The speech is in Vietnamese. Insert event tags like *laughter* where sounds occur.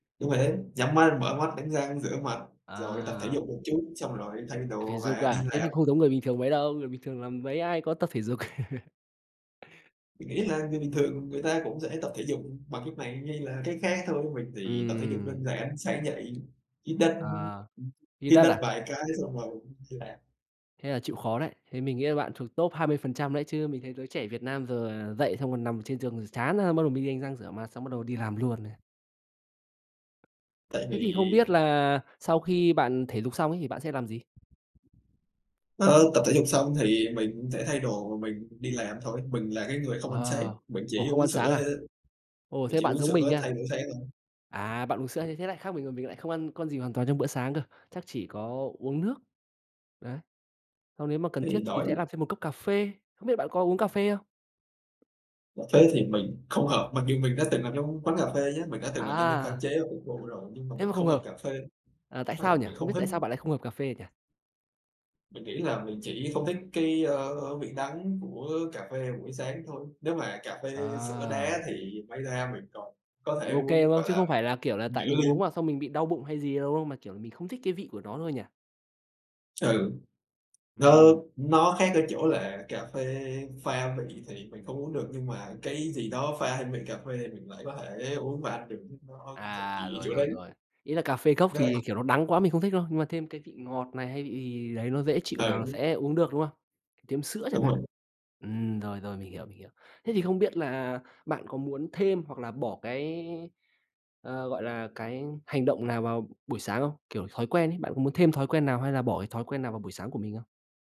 Đúng vậy đấy. Nhắm mắt, mở mắt, đánh răng, rửa mặt, rồi tập thể À. dục một chút, xong rồi thay Tập thể đồ dục và đi à? Thế thì làm. không giống người bình thường mấy đâu. Người bình thường là mấy ai có tập thể dục. *laughs* Mình nghĩ là người bình thường người ta cũng sẽ tập thể dục bằng cách này hay là cách khác thôi. Mình thì tập thể dục Ừm. đơn giản, sáng dậy, hít đất À, hít hít đất đất à? vài cái xong rồi *unintelligible* đi làm. Thế là chịu khó đấy. Thế mình nghĩ là bạn thuộc top 20% đấy chứ. Mình thấy giới trẻ Việt Nam giờ là dậy xong rồi nằm trên giường rồi chán ra, xong bắt đầu mới đi đánh răng, rửa mặt, xong bắt đầu đi làm luôn đấy. Tại Thế thì không vì biết là sau khi bạn thể dục xong ấy, thì bạn sẽ làm gì? Ơ, tập thể dục xong thì mình cũng sẽ thay đồ và mình đi làm thôi. Mình là cái người không ăn sáng, À. mình Ủa, chỉ không uống ăn sáng sữa à? thôi. Ồ, Mình thế chỉ bạn uống giống mình sữa nha. thay bữa sáng thôi. À, bạn uống sữa như thế lại khác mình rồi, mình lại không ăn con gì hoàn toàn trong bữa sáng cơ, chắc chỉ có uống nước. Đấy. Xong nếu mà cần Thế thiết thì thì đói sẽ lắm. làm thêm một cốc cà phê. Không biết bạn có uống cà phê không? Cà phê thì mình không hợp, mặc dù mình đã từng làm trong quán cà phê nhá. Mình đã từng làm nhân viên pha À. chế và phục vụ rồi, nhưng mà Thế mình mà không không hợp hợp. cà phê. À, tại *unintelligible* sao nhỉ? Thì Không biết không thích tại sao bạn lại không hợp cà phê nhỉ? Mình nghĩ là mình chỉ không thích cái, ơ, vị đắng của cà phê buổi sáng thôi. Nếu mà cà phê sữa đá À. thì may ra mình còn có thể OK, uống, đúng không? gọi Chứ là, không phải là, kiểu là, tại nửa mình uống ly. vào xong mình bị đau bụng hay gì đâu không, mà, kiểu, mình không thích cái vị của nó thôi nhỉ? Ừ. Nó Ừm. nó khác ở chỗ là cà phê pha vị thì mình không uống được, nhưng mà cái gì đó pha thêm vị cà phê thì mình lại có thể uống và ăn được, *unintelligible* nó thần À, kì ở rồi, chỗ rồi, đấy. rồi. Ý là cà phê cốc thì, *unintelligible* kiểu, nó đắng quá mình không thích, đúng không? Nhưng mà thêm cái vị ngọt này hay cái vị gì đấy nó dễ chịu vào Ừ. sẽ uống được, đúng không? Thêm sữa chẳng Đúng hạn. rồi. Ừm, rồi, rồi, mình hiểu, mình hiểu. Thế thì không biết là bạn có muốn thêm hoặc là bỏ cái, ờ, gọi là, cái hành động nào vào buổi sáng không? Kiểu, thói quen ý, bạn có muốn thêm thói quen nào hay là bỏ cái thói quen nào vào buổi sáng của mình không?